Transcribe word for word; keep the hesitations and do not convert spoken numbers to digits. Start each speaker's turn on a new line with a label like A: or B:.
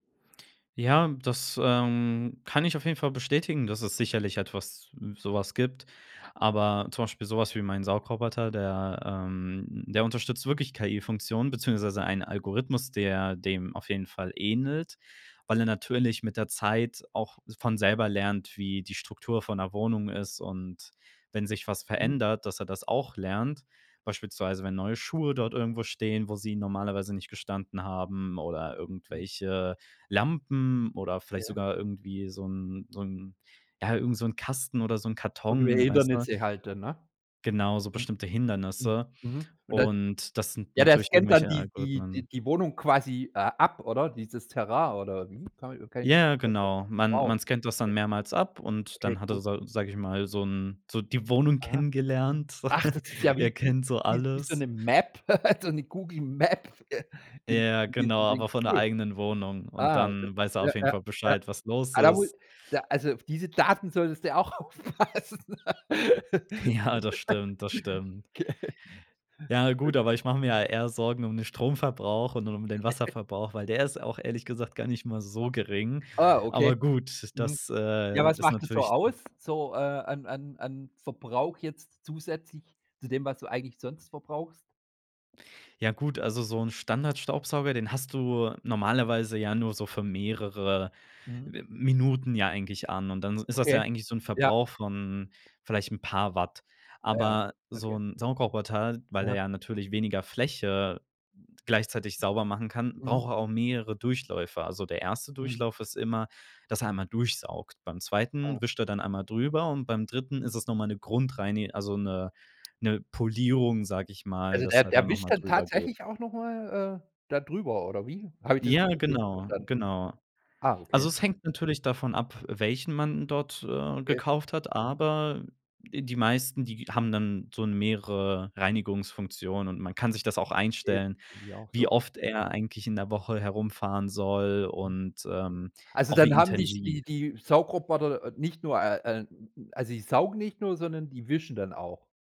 A: Ja, das, ähm, kann ich auf jeden Fall bestätigen, dass es sicherlich etwas sowas gibt. Aber zum Beispiel so was wie mein Saugroboter, der, ähm der unterstützt wirklich KI-Funktionen beziehungsweise einen Algorithmus, der dem auf jeden Fall ähnelt, weil er natürlich mit der Zeit auch von selber lernt, wie die Struktur von 'ner Wohnung ist und wenn sich was
B: Mhm.
A: verändert, dass er das auch lernt, beispielsweise wenn neue Schuhe dort irgendwo stehen, wo sie normalerweise nicht gestanden haben, oder
B: Hm.
A: irgendwelche Lampen oder vielleicht
B: Okay.
A: sogar irgendwie so 'n so 'n, ja, irgend so 'n Kasten oder so 'n
B: Irgendwelche
A: Karton, weißt du?
B: Hindernisse halt dann, ne?
A: Genau, so
B: Mhm,
A: bestimmte
B: mhm,
A: Hindernisse,
B: mhm, und da
A: und das sind
B: ja, der
A: natürlich
B: scannt dann
A: irgendwelche
B: die die die
A: Algorithmen.
B: die Wohnung quasi, äh, ab, oder? Dieses Terrain oder wie.
A: Ja,
B: [unintelligible]
A: genau. Man
B: Wow,
A: man scannt das dann
B: okay.
A: mehrmals ab und
B: Okay,
A: dann hat er,
B: cool.
A: sa sage ich mal, so 'n so die Wohnung
B: Aha,
A: kennengelernt.
B: ach, das ist ja
A: Er
B: wie wie
A: kennt so
B: wie s wie so
A: alles.
B: 'ne Map, so 'ne Google Map, äh, in
A: Ja,
B: in
A: genau,
B: diesem Ding.
A: aber von der
B: Cool.
A: eigenen Wohnung und
B: Ah, das
A: dann weiß er
B: ja,
A: auf jeden
B: ja,
A: Fall
B: ja.
A: Bescheid, was los
B: Ah, da mu
A: ist.
B: da also auf diese Daten solltest du auch aufpassen.
A: Ja, das stimmt, das stimmt.
B: Okay.
A: Ja, gut, aber ich mache mir ja eher Sorgen um den Stromverbrauch und um den Wasserverbrauch, weil der ist auch, ehrlich gesagt, gar nicht mal so gering.
B: Ah, okay.
A: Aber gut,
B: Mhm.
A: das,
B: Ja,
A: äh,
B: was
A: ist
B: macht das so
A: natürlich
B: aus so, äh, an an an Verbrauch jetzt zusätzlich zu dem, was du eigentlich sonst verbrauchst?
A: Ja gut, also so 'n Standardstaubsauger, den hast du normalerweise ja nur so für mehrere
B: Mhm.
A: M Minuten ja eigentlich an und dann ist das ja
B: Okay,
A: eigentlich so 'n
B: ja.
A: Verbrauch von vielleicht 'n paar Watt.
B: Ja, ja.
A: Aber so
B: Okay.
A: 'n Saugroboter weil er
B: Aha.
A: ja natürlich weniger Fläche gleichzeitig sauber machen kann,
B: Mhm.
A: braucht er auch mehrere Durchläufe. Also der erste
B: Mhm.
A: Durchlauf ist immer, dass er einmal durchsaugt, beim
B: Aha.
A: zweiten wischt er dann einmal drüber und beim dritten ist es noch mal 'ne Grundreini also, 'ne 'ne Polierung, sage ich mal,
B: Also
A: dass
B: der
A: er
B: der
A: dann noch
B: wischt
A: mal
B: dann
A: drüber geht.
B: tatsächlich auch noch mal, äh, da drüber oder wie? Habe ich das
A: Ja,
B: grad richtig
A: genau,
B: verstanden?
A: genau.
B: Ah, okay.
A: Also, es hängt natürlich davon ab, welchen man dort, äh,
B: Okay.
A: gekauft hat, aber die meisten, die haben dann so 'n mehrere Reinigungsfunktionen und man kann sich das auch
B: Okay,
A: einstellen,
B: geht mir auch
A: wie
B: so.
A: oft er eigentlich in der Woche herumfahren soll
B: Mhm.
A: und, ähm,
B: Also
A: auch
B: dann
A: wie
B: haben dich die
A: intensiv.
B: die Saugroboter nicht nur, äh, äh, n also die saugen nicht nur, sondern die wischen dann auch?